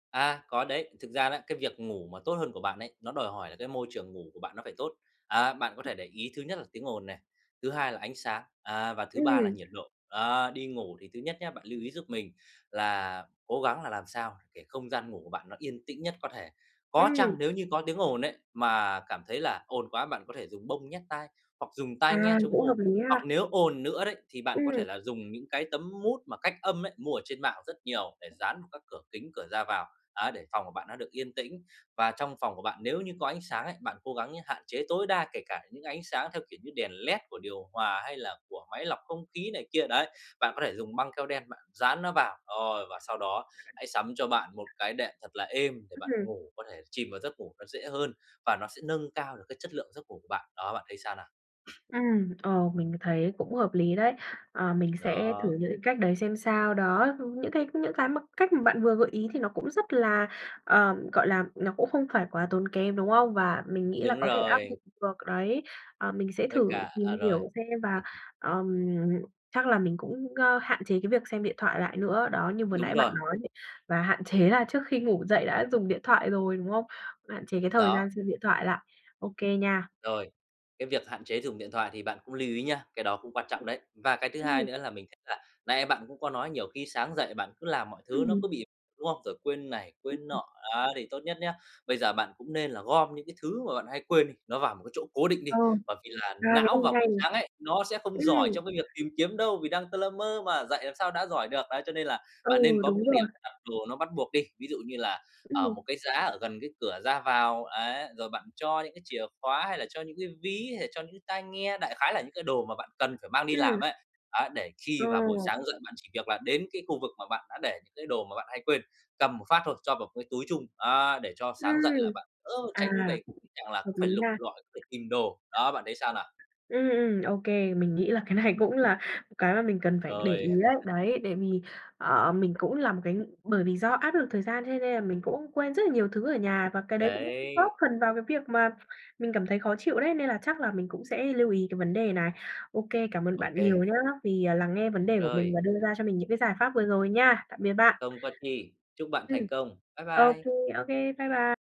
À, có đấy, thực ra đó cái việc ngủ mà tốt hơn của bạn ấy, nó đòi hỏi là cái môi trường ngủ của bạn nó phải tốt, à, bạn có thể để ý thứ nhất là tiếng ồn này, thứ hai là ánh sáng, à, và thứ ba là Ừm. nhiệt độ, á. Đi ngủ thì thứ nhất nhá, bạn lưu ý giúp mình là cố gắng là làm sao để không gian ngủ của bạn nó yên tĩnh nhất có thể, có Ừm. chăng nếu như có tiếng ồn ấy, mà cảm thấy là ồn quá bạn có thể dùng bông nhét tai hoặc dùng tai nghe À, chống cũng hợp ồn. lý Hoặc ha. nếu ồn nữa đấy thì bạn có Ừm. thể là dùng những cái tấm mút mà cách âm ấy, mua ở trên mạng rất nhiều để dán vào các cửa kính, cửa ra vào, á, để phòng của bạn nó được yên tĩnh. Và trong phòng của bạn nếu như có ánh sáng ấy, bạn cố gắng nhá, hạn chế tối đa kể cả những ánh sáng theo kiểu như đèn led của điều hòa hay là của máy lọc không khí này kia, đấy. Bạn có thể dùng băng keo đen bạn dán nó vào, ôi, và sau đó hãy sắm cho bạn một cái đệm thật là êm để Ừm bạn hưm. ngủ, có thể chìm vào giấc ngủ nó dễ hơn và nó sẽ nâng cao được cái chất lượng giấc ngủ của bạn, đó, bạn thấy sao nào? Ừm, ờ, mình thấy cũng hợp lý đấy. À, mình sẽ thử Đó. những cái cách đấy xem sao, đó, ưm, những cái những cái mà cách mà bạn vừa gợi ý thì nó cũng rất là, ờ, gọi là, nó cũng không phải quá tốn kém, đúng không? Và mình nghĩ là Đúng có thể áp rồi. dụng được đấy, à, mình sẽ Với thử cả à, tìm rồi. hiểu xem và, ờm, chắc là mình cũng, ơ, hạn chế cái việc xem điện thoại lại nữa. Đó, như vừa Đúng nãy bạn rồi. nói ấy, và hạn chế là trước khi ngủ dậy đã dùng điện thoại rồi, đúng không? Hạn chế cái thời gian Đó. xem điện thoại lại, OK nha. Rồi, cái việc hạn chế dùng điện thoại thì bạn cũng lưu ý nha, cái đó cũng quan trọng đấy. Và cái thứ hai Ừm. nữa là mình thấy là nãy bạn cũng có nói nhiều khi sáng dậy bạn cứ làm mọi thứ nó Ừm. cứ bị đúng không? Rồi quên này quên Ừm. nọ, á, thì tốt nhất nhá, bây giờ bạn cũng nên là gom những cái thứ mà bạn hay quên đi, nó vào một cái chỗ cố định đi. Ờ. Bởi vì là À não cái vào này hay. buổi sáng ấy, nó sẽ không giỏi Ừm. trong cái việc tìm kiếm đâu vì đang tơ lơ mơ mà, dậy làm sao đã giỏi được, đấy, cho nên là bạn nên Ừ, có một đúng cái điểm rồi. đặt đồ nó bắt buộc đi. Ví dụ như là, ờ, Ừm. một cái giá ở gần cái cửa ra vào, ấy, rồi bạn cho những cái chìa khóa hay là cho những cái ví, hay là cho những cái tai nghe, đại khái là những cái đồ mà bạn cần phải mang đi làm Ừm. ấy, ấy, để khi Ờ. vào buổi sáng dậy bạn chỉ việc là đến cái khu vực mà bạn đã để những cái đồ mà bạn hay quên, cầm một phát thôi, cho vào cái túi chung, á, để cho sáng dậy Ừm, là bạn, ơ, tránh về à, cái tình trạng là hợp cứ lý phải lục nha. lọi phải tìm đồ. Đó, bạn thấy sao nào? Ừm, ừm, OK, mình nghĩ là cái này cũng là cái mà mình cần phải để ý Rồi. ấy, đấy, tại vì, ờ, mình cũng là một cái ng bởi vì do áp lực thời gian cho nên là mình cũng quên rất là nhiều thứ ở nhà và cái đấy cũng góp Đấy. phần vào cái việc mà mình cảm thấy khó chịu đấy, nên là chắc là mình cũng sẽ lưu ý cái vấn đề này. OK, cảm ơn bạn OK. nhiều nhá vì, à, lắng nghe vấn đề của mình Rồi. và đưa ra cho mình những cái giải pháp vừa rồi nha, tạm biệt bạn. Không có chi, chúc bạn Ừm, thành công, bye OK, bye. OK, bye bye.